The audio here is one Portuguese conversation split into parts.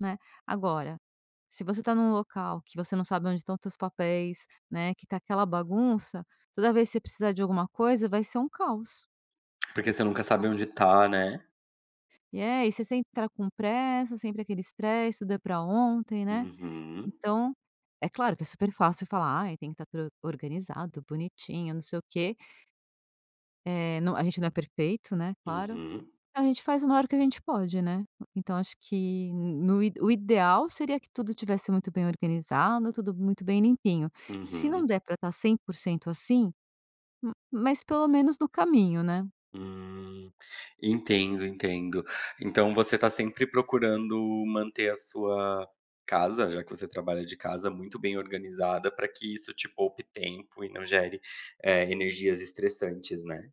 Né. Agora, se você tá num local que você não sabe onde estão teus papéis, né, que tá aquela bagunça, toda vez que você precisar de alguma coisa, vai ser um caos. Porque você nunca sabe onde tá, né. E é, e você sempre tá com pressa, sempre aquele stress, tudo é pra ontem, né, Uhum. então é claro que é super fácil falar: "Ai, tem que estar tudo organizado, bonitinho, não sei o quê". Eh, não a gente não é perfeito, né, claro. Uhum. A gente faz o maior que a gente pode, né, então acho que n no o ideal seria que tudo estivesse muito bem organizado, tudo muito bem limpinho. Se Uhum. não der pra estar 100% assim, m mas pelo menos no caminho, né. Hum. Entendo, entendo. Então você tá sempre procurando manter a sua casa, já que você trabalha de casa, muito bem organizada, pra que isso te poupe tempo e não gere, eh, energias estressantes, né.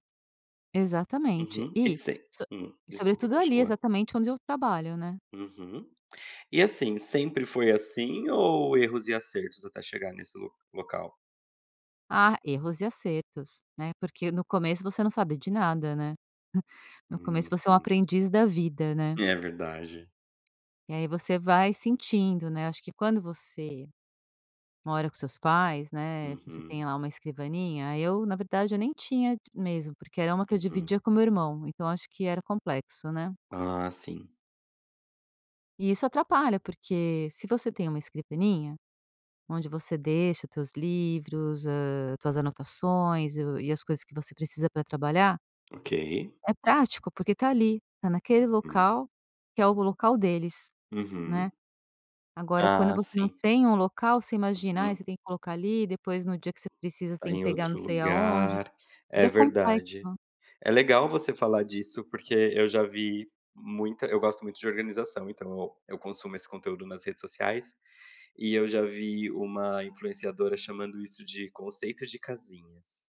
Exatamente. Uhum. E E, sem so hum, desculpa, sobretudo ali, continua. exatamente, onde eu trabalho, né. Uhum. E assim, sempre foi assim ou erros e acertos, até chegar nesse lo local? Ah, erros e acertos, né, porque no começo você não sabe de nada, né. No começo Uhum. você é um aprendiz da vida, né. É verdade. E aí você vai sentindo, né, acho que quando você mora com seus pais, né, você Uhum. tem lá uma escrivaninha, eu, na verdade, eu nem tinha mesmo, porque era uma que eu Uhum. dividia com meu irmão, então acho que era complexo, né. Ah, sim. E isso atrapalha, porque se você tem uma escrivaninha onde você deixa os teus livros, hã, tuas anotações e o e as coisas que você precisa pra trabalhar, Ok. é prático, porque tá ali, tá naquele Uhum. local, que é o local deles, né. Uhum. Agora quando Ah, você não sim. tem um local, você imagina, ai, Uhum. você tem que colocar ali, depois no dia que você precisa, você Tá tem que em pegar não outro sei aonde. lugar. Tudo É é verdade. complexo. É legal você falar disso, porque eu já vi muita eu gosto muito de organização, então eu eu consumo esse conteúdo nas redes sociais e eu já vi uma influenciadora chamando isso de conceito de casinhas.